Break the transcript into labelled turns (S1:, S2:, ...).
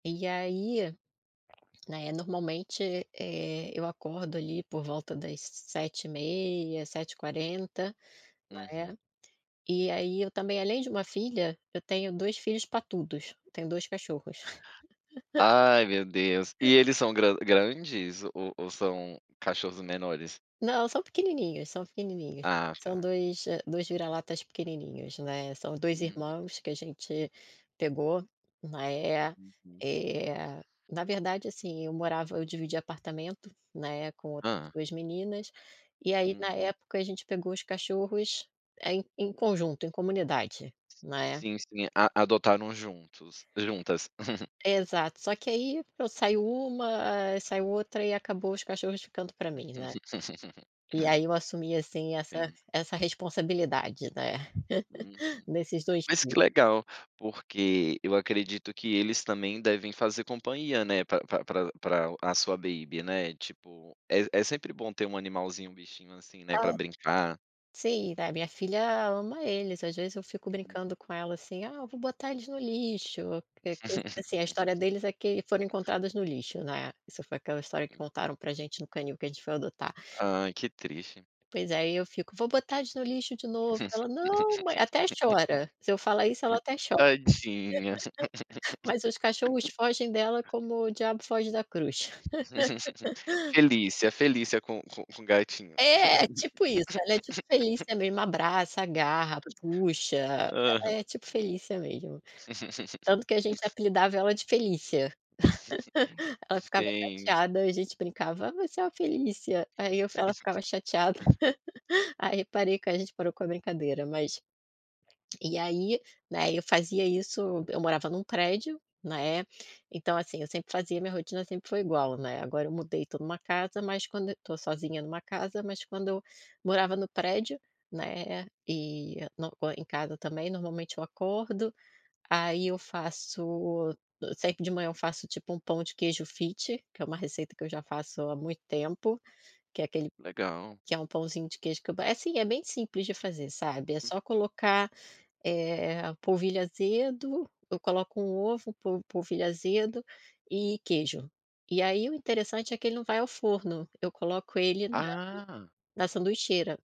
S1: E aí, né, normalmente, eh, eu acordo ali por volta das 7h30, 7h40,
S2: Uhum.
S1: né. E aí eu também além de uma filha, eu tenho 2 filhos patudos, tenho 2 cachorros.
S2: Ai, meu Deus! E eles são gran grandes ou ou são cachorros menores?
S1: Não, são pequenininhos, são pequenininhos.
S2: Ah,
S1: São
S2: tá.
S1: 2, eh, 2 vira-latas pequenininhos, né. São 2
S2: Uhu
S1: irmãos que a gente pegou, né,
S2: Uhum.
S1: eh, na verdade, assim, eu morava eu dividia apartamento, né, com outras
S2: Hã.
S1: 2 meninas, e aí na
S2: Uhum.
S1: época a gente pegou os cachorros, eh, em em conjunto, em comunidade, né.
S2: Sim, sim, a adotaram juntos juntas.
S1: Exato, só que aí saiu uma, ah, saiu outra e acabou os cachorros ficando pra mim, né. E aí eu assumi, assim, essa
S2: [unintelligible]
S1: essa responsabilidade, né,
S2: Uhum.
S1: nesses 2
S2: Mas
S1: [unintelligible]
S2: que legal, porque eu acredito que eles também devem fazer companhia, né, pra pra pra a sua baby, né. Tipo, é é sempre bom ter um animalzinho, um bichinho, assim, né,
S1: Ah.
S2: pra brincar.
S1: Sim, né, minha filha ama eles, às vezes eu fico
S2: Uhum.
S1: brincando com ela, assim "Ah, eu vou botar eles no lixo", porque, assim, a história deles é que foram encontradas no lixo, né. Isso foi aquela história que
S2: Hum.
S1: contaram pra gente no canil que a gente foi adotar.
S2: Ai, que triste.
S1: Pois, aí eu fico: "Vou botar eles no lixo de novo". Ela: "Não, ma", até chora, se eu falar isso ela até cho
S2: Tadinha.
S1: Mas os cachorros fogem dela como o diabo foge da cruz.
S2: Felícia, Felícia com com com o gatinho.
S1: É, tipo isso. Ela é tipo Felicia mesmo, abraça, agarra, puxa, ela
S2: Aham.
S1: é tipo Felicia mesmo. Tanto que a gente apelidava ela de Felícia, ela ficava
S2: Gente.
S1: chateada, a gente brincava: "Você é uma Felícia", aí eu ela ficava chateada. Aí parei que a gente parou com a brincadeira mas e aí, né, eu fazia isso, eu morava num prédio, né, então, assim, eu sempre fazia minha rotina sempre foi igual, né. Agora eu mudei, tô numa casa, mas quando tô sozinha numa casa mas quando eu morava no prédio, né, e na co em casa também normalmente eu acordo, aí eu faço eu sei que de manhã eu faço, tipo, um pão de queijo fit, que é uma receita que eu já faço há muito tempo. Que é aquele
S2: Legal.
S1: que é um pãozinho de queijo que eu é assim, é bem simples de fazer, sabe. É só colocar, eh, polvilho azedo eu coloco 1 ovo, po polvilho azedo e queijo. E aí o interessante é que ele não vai ao forno, eu coloco ele na
S2: Ah!
S1: na sanduicheira.